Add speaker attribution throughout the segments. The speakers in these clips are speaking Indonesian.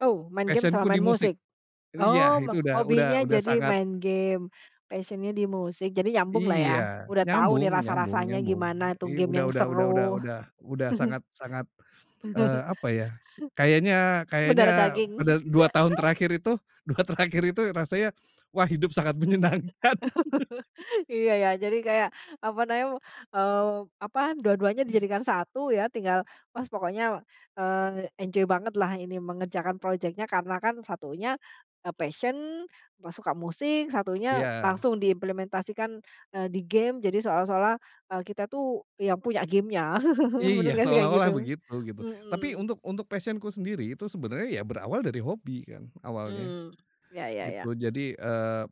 Speaker 1: Oh, main game
Speaker 2: Passion-ku
Speaker 1: sama
Speaker 2: di
Speaker 1: main
Speaker 2: musik.
Speaker 1: musik?
Speaker 2: Jadi ya,
Speaker 1: Oh, me
Speaker 2: itu udah udah
Speaker 1: hobinya
Speaker 2: udah
Speaker 1: jadi
Speaker 2: sangat
Speaker 1: main game, passion-nya di musik, jadi nyambung lah ya?
Speaker 2: Iya,
Speaker 1: Udah tahu nih
Speaker 2: nyambung nyambung
Speaker 1: rasa-rasanya
Speaker 2: nyambung.
Speaker 1: gimana itu
Speaker 2: I
Speaker 1: game
Speaker 2: udah
Speaker 1: yang
Speaker 2: udah udah udah
Speaker 1: seru.
Speaker 2: udah udah sangat sangat, eee, apa ya, se kayaknya
Speaker 1: Mendarah
Speaker 2: kayaknya, pada
Speaker 1: daging.
Speaker 2: 2 tahun terakhir itu, 2 terakhir itu rasanya, wah hidup sangat menyenangkan.
Speaker 1: Iya ya, jadi kayak, apa nam eee, apa dua-duanya dijadikan satu ya, tinggal, pas pokoknya, eee, enjoy banget lah ini, mengerjakan project-nya karena kan satunya, e passion, apa suka musik, satunya
Speaker 2: Iya.
Speaker 1: langsung diimplementasikan, eee, di game, jadi seolah-olah, e kita tuh yang punya game-nya. Benar
Speaker 2: Iya,
Speaker 1: nggak sih kayak
Speaker 2: seolah-olah
Speaker 1: gitu?
Speaker 2: begitu, gitu. Tapi
Speaker 1: Mhm.
Speaker 2: untuk untuk passion-ku sendiri itu sebenarnya ya berawal dari hobi kan, awalnya,
Speaker 1: Mmm, ya ya ya.
Speaker 2: gitu. Jadi, eee,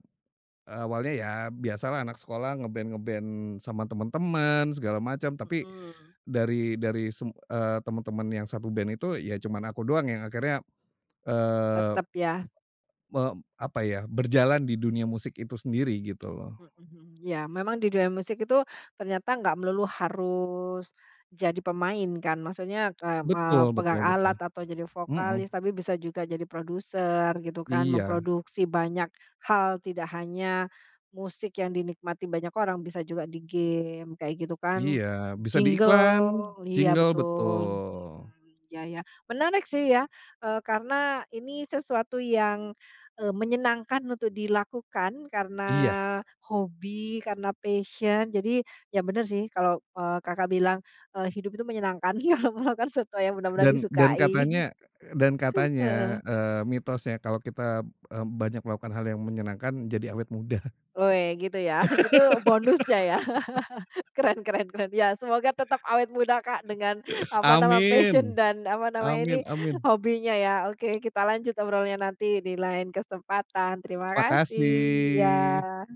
Speaker 2: awalnya, ya biasa lah anak sekolah nge-band-nge-band sama teman-teman, segala macam, tapi,
Speaker 1: Mhm.
Speaker 2: dari dari teman-teman yang satu band itu, ya cuman aku doang yang akhirnya, eee,
Speaker 1: Tetap ya.
Speaker 2: me apa ya, berjalan di dunia musik itu sendiri, gitu loh.
Speaker 1: Mhm, mmm, ya memang di dunia musik itu, ternyata nggak melulu harus, jadi pemain kan. Maksudnya, kay m eee, ke
Speaker 2: Betul betul
Speaker 1: pegang
Speaker 2: betul,
Speaker 1: alat, atau jadi vokalis,
Speaker 2: mhm.
Speaker 1: tapi bisa juga jadi produser gitu kan.
Speaker 2: Iya.
Speaker 1: Memproduksi banyak hal, tidak hanya, musik yang dinikmati banyak orang, bisa juga di game kayak gitu kan,
Speaker 2: Iya bisa di iklan,
Speaker 1: jingle, iya
Speaker 2: jingle,
Speaker 1: betul
Speaker 2: betul.
Speaker 1: hmm, ya ya, menarik sih ya, eee, karena ini sesuatu yang, eee, menyenangkan untuk dilakukan karena,
Speaker 2: Iya.
Speaker 1: hobi, karena passion, jadi, ya benar sih kalau, eee, Kakak bilang, e hidup itu menyenangkan, kalau melakukan sesuatu yang benar-benar
Speaker 2: Dan dan
Speaker 1: disukai.
Speaker 2: katanya dan
Speaker 1: Heeh.
Speaker 2: katanya, eee, mitosnya kalau kita, e banyak melakukan hal yang menyenangkan, jadi awet muda.
Speaker 1: Ph ya, gitu ya. Itu bonusnya ya, keren keren keren. Ya, semoga tetap awet muda Kak, dengan
Speaker 2: E
Speaker 1: apa nama
Speaker 2: amin,
Speaker 1: passion, dan apa namanya ini,
Speaker 2: amin amin.
Speaker 1: hobinya ya. Oke, kita lanjut ngobrolnya nanti di lain kesempatan. Terima kasih,
Speaker 2: Makasih.
Speaker 1: iya.